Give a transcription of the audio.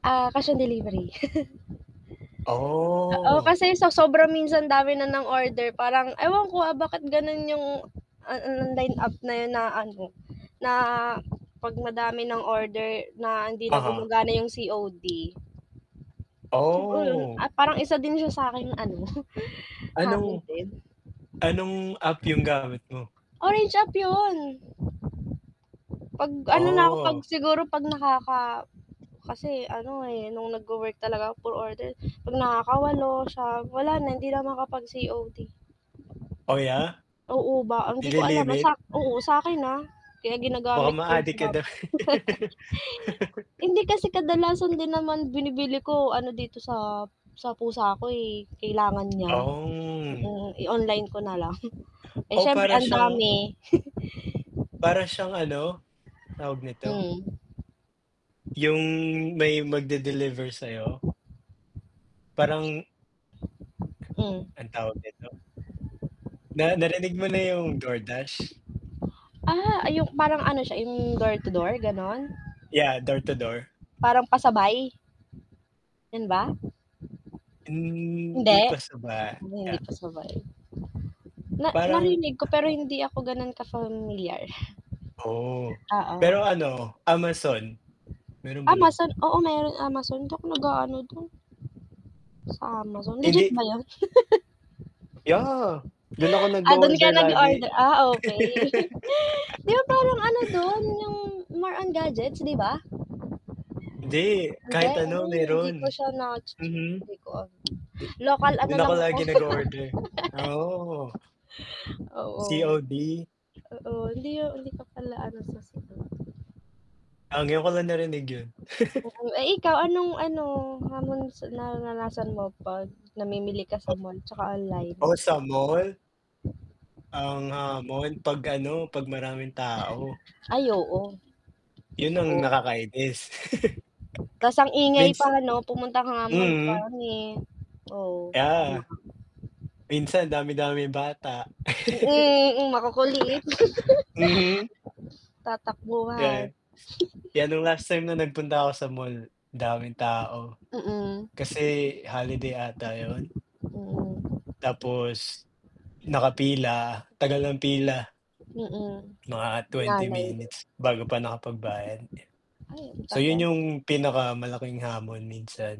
Ah, cash on delivery. Oo, Oh. kasi sa sobrang minsan dami na ng order, parang ewan ko, ah, bakit ganun yung, ah ah, line up na yun na ano, na 'pag madami ng order na hindi na Aha. gumagana yung COD. Siguro, Oh. ah, parang isa din siya sa aking ano, hamon Anong din. anong app yung gamit mo? Orange app yun. 'Pag ano na ako, 'pag Oh. siguro 'pag nakaka kasi ano, eh, nung nag-wo-work talaga puro order, 'pag nakakawalo, 9, wala na, hindi na makakapag-COD. Oh, yeah. Oo ba ang 'di ko alam, ah, sa Nili-limit? oo, sa 'kin ha? Kaya Baka ginagamit ko [unintelligible] maadik ka daw. Hindi, kasi kadalasan din naman binibili ko ano dito sa sa pusa ko, eh, kailangan niya. Oh. Mm, i-online ko na lang. Eh, Oh, siyempre para ang siyang dami. para siyang ano, tawag nito? Hmm. Yung may magde-deliver sa'yo? Parang Hmm. Anong tawag nito? Na narinig mo na yung Door Dash? Ah, ay yung parang ano siya, yung door to door, gano'n? Yeah, door to door. Parang pasabay? Yun ba? Hindi Hindi? pasaba Hindi yeah. pasabay. Na Parang narinig ko, pero hindi ako ganun ka-familiar. Oh. Oo. Pero ano, Amazon? Meron ba nun? Amazon, oo meron Amazon. 'Di ako nag-aano dun. Sa Amazon legit Hindi ba yun? Yeah. Dun ako Ah, dun ka nag-o-order lagi. nag-o-order. Ah, okey. 'Di ba parang ano dun, yung more on gadgets, di ba? Hindi, Hindi? kahit ano Hmm, hindi ko meron. siya nache-check. Mhm. Hindi ko ano, Du local ano dun ako lang ako lagi nag-o-order. Ah, oo. Oo. COD? Oo, hindi hindi ka pala ano sa Ah, ngayon ko lang narinig yun. [unintelligible] Mm. Eh, ikaw anong ano, hamon sa naranasan mo 'pag namimili ka sa [unintelligible] mall 'tsaka online? Oh, sa mall ang hamon 'pag ano, 'pag maraming tao. Ay oo. Yun ang Totoo. nakakainis. Ta's ang ingay Mins pa 'no? Pumunta ka nga mall Mm. [unintelligible] oo, tama. Yeah. Minsan ang dami-daming bata. Mm, mm, makukulit. Mhm. Tatakbuhan Yes. 'Yan nung last time na nagpunta ako sa mall daming tao. Mm. Kasi holiday 'ata yun? Mm. Tapos, nakapila, tagal ng pila. Mm. Mga 20 Sinanay din. minutes bago pa nakapagbayad, eh. Ay, ang So yun tagal. yung pinakamalaking hamon minsan.